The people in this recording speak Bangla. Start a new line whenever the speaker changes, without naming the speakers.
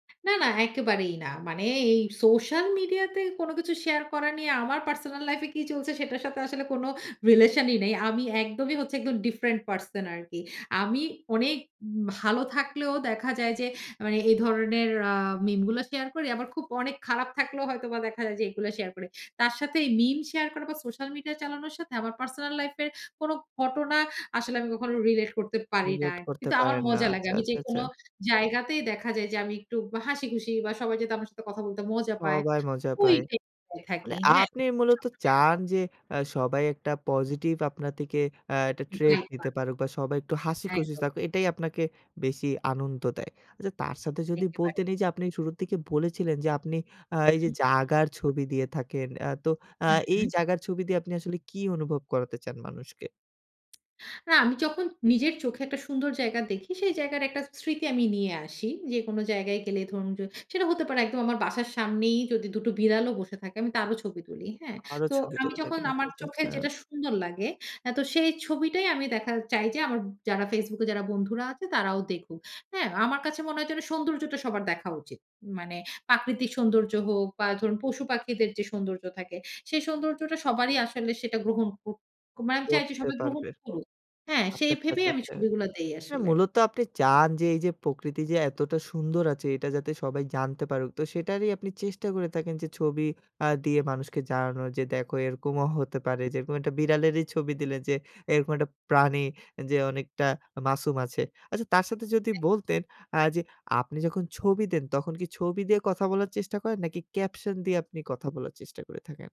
না, না একেবারেই না। মানে এই সোশ্যাল মিডিয়াতে কোনো কিছু শেয়ার করা নিয়ে আমার পার্সোনাল লাইফ এ কি চলছে সেটার সাথে আসলে কোনো রিলেশনই নেই। আমি একদমই হচ্ছে একদম ডিফারেন্ট পারসন আরকি। আমি অনেক ভালো থাকলেও দেখা যায় যে মানে, এ ধরনের আ মিম গুলো শেয়ার করি। আমার খুব অনেক খারাপ থাকলেও হয়তোবা দেখা যায় যে এগুলা শেয়ার করি। তার সাথে এই মিম শেয়ার করা বা সোশ্যাল মিডিয়া চালানোর সাথে আমার পার্সোনাল লাইফ এর কোনো ঘটনা আসলে আমি কখনো রিলেট করতে পারি না।
রিলেট করতে
কিন্তু আমার
পারেন না।
মজা লাগে।
আচ্ছা,
আমি
আচ্ছা, আচ্ছা।
যেকোনো জায়গাতেই দেখা যায় যে আমি একটু হাসিখুশি বা সবাই যাতে আমার সাথে কথা বলতে মজা পায়
সবাই মজা
ওই
পায়।
[unintelligible]
মানে
থাকি। হ্যাঁ।
আপনি
[unintelligible]
মূলত
স্বভাবই
চান
এরকম।
যে আ সবাই একটা পজিটিভ আপনার থেকে, আ একটা ট্রেট নিতে
[unintelligible]
পারুক বা সবাই একটু হাসিখুশি
একদম।
থাকুক এটাই আপনাকে বেশি আনন্দ দেয়। আচ্ছা তার সাথে যদি
দেখতে পারে।
বলতেন এই যে আপনি শুরুর দিকে বলেছিলেন, যে আপনি আ
উ
এই যে
হু।
জায়গার ছবি দিয়ে থাকেন। আ তো আ
হু,
এই
হু।
জায়গার ছবি দিয়ে আপনি আসলে কি অনুভব করাতে চান মানুষকে?
না আমি যখন নিজের চোখে একটা সুন্দর জায়গা দেখি সেই জায়গার একটা স্মৃতি আমি নিয়ে আসি। যে কোনো জায়গায় গেলে ধরুন যে, সেটা হতে পারে একদম আমার বাসার সামনেই যদি ২ টো বিড়ালও বসে থাকে আমি তারও ছবি তুলি। হ্যাঁ?
আরো
তো
ছবি
আমি
তুলে
যখন
থাকে না। আচ্ছা,
আমার
আচ্ছা,
চোখের
আচ্ছা।
যেটা সুন্দর লাগে আ তো সেই ছবিটাই আমি দেখা চাই যে আমার যারা Facebook এ যারা বন্ধুরা আছে তারাও দেখুক। হ্যাঁ? আমার কাছে মনে হয় যেন সৌন্দর্যটা সবার দেখা উচিত। মানে প্রাকৃতিক সৌন্দর্য হোক, বা ধরুন পশু পাখিদের যে সৌন্দর্য থাকে সেই সৌন্দর্যটা সবারই আসলে সেটা গ্রহণ ক মানে আমি চাই যে
পড়তে
সবাই গ্রহণ
পারবে।
করুক। হ্যাঁ,
আচ্ছা,
সেই
আচ্ছা,
ভেবেই
আচ্ছা,
আমি
আচ্ছা।
ছবিগুলো দেই
মানে
আসলে।
মূলত আপনি চান যে এই যে প্রকৃতি যে এতটা সুন্দর আছে এটা যাতে সবাই জানতে পারুক। তো সেটারই আপনি চেষ্টা করে থাকেন যে ছবি আ দিয়ে মানুষকে জানানো যে দেখো এরকমও হতে পারে যে এরকম একটা বিড়ালেরই ছবি দিলেন যে, এরকম একটা প্রাণী যে অনেকটা মাসুম আছে। আচ্ছা তার সাথে যদি
একদম।
বলতেন আ যে আপনি যখন ছবি দেন তখন কি ছবি দিয়ে কথা বলার চেষ্টা করেন? নাকি ক্যাপশন দিয়ে আপনি কথা বলার চেষ্টা করে থাকেন?